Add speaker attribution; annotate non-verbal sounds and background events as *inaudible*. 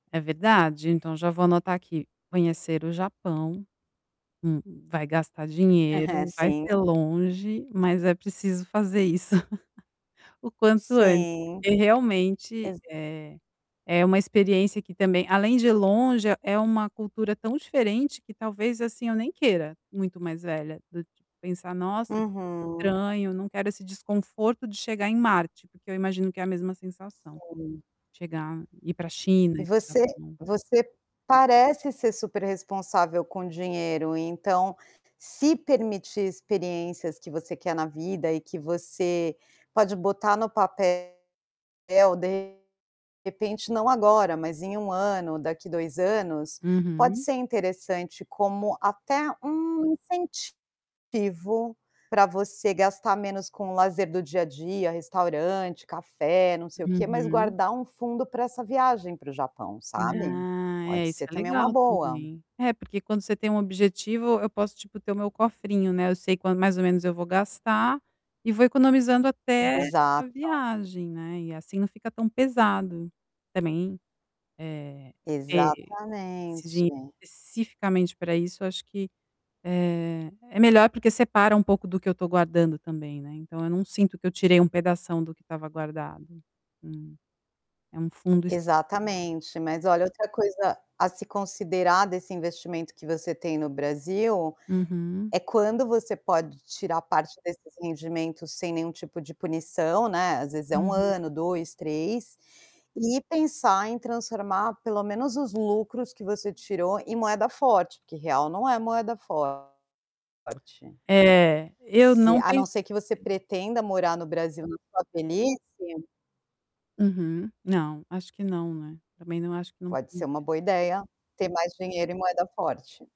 Speaker 1: É verdade, então já vou anotar aqui: "Conhecer o Japão", hum, "vai gastar
Speaker 2: Aham,
Speaker 1: dinheiro", "vai ser
Speaker 2: sim.
Speaker 1: longe", "mas é preciso fazer isso *laughs* o quanto antes",
Speaker 2: Sim.
Speaker 1: porque, realmente,
Speaker 2: Exa
Speaker 1: eh, é uma experiência que também além de longe, é uma cultura tão diferente que talvez, assim, eu nem queira, muito mais velha, do tipo, pensar: "Nossa, que
Speaker 2: Uhum.
Speaker 1: estranho, não quero esse desconforto de chegar em Marte", porque eu imagino que é a mesma sensação.
Speaker 2: Sim.
Speaker 1: Chegar ir pra China,
Speaker 2: E
Speaker 1: ir para o
Speaker 2: você
Speaker 1: Japão.
Speaker 2: você parece ser super responsável com dinheiro, então, se permitir experiências que você quer na vida e que você pode botar no papel de repente, não agora, mas em 1 ano, daqui 2 anos, pode
Speaker 1: Uhum.
Speaker 2: ser interessante como, até um incentivo para você gastar menos com lazer do dia a dia, restaurante, café, não sei o que, mas
Speaker 1: Uhum.
Speaker 2: guardar um fundo para essa viagem para o Japão, sabe.
Speaker 1: Ah
Speaker 2: Pode
Speaker 1: é, isso
Speaker 2: ser
Speaker 1: é
Speaker 2: também uma
Speaker 1: legal
Speaker 2: boa.
Speaker 1: também. É, porque quando você tem um objetivo, eu posso, tipo, ter o meu cofrinho, né. Eu sei quan mais ou menos eu vou gastar e vou economizando até a
Speaker 2: Exato.
Speaker 1: viagem, né. E assim não fica tão pesado. Também, eh, ter esse dinheiro
Speaker 2: Exatamente.
Speaker 1: especificamente para isso, acho que, eh, é melhor porque separa um pouco do que eu tô guardando também, né. Então eu não sinto que eu tirei um pedação do que tava guardado. Hum. É um fundo específico.
Speaker 2: Exatamente. Mas olha, outra coisa a se considerar desse investimento que você tem no Brasil,
Speaker 1: Uhum.
Speaker 2: é quando você pode tirar parte desses rendimentos sem nenhum tipo de punição, né. Às vezes é 1
Speaker 1: Uhum.
Speaker 2: ano, 2, 3, e pensar em transformar pelo menos os lucros que você tirou em moeda forte, porque real não é moeda forte.
Speaker 1: É, eu
Speaker 2: Se
Speaker 1: não
Speaker 2: a não
Speaker 1: pensei.
Speaker 2: ser que você pretenda morar no Brasil na sua velhice
Speaker 1: Uhum. Não, acho que não, né? Também não acho que não não
Speaker 2: pode ser uma
Speaker 1: cumpre
Speaker 2: boa ideia ter mais dinheiro em moeda forte.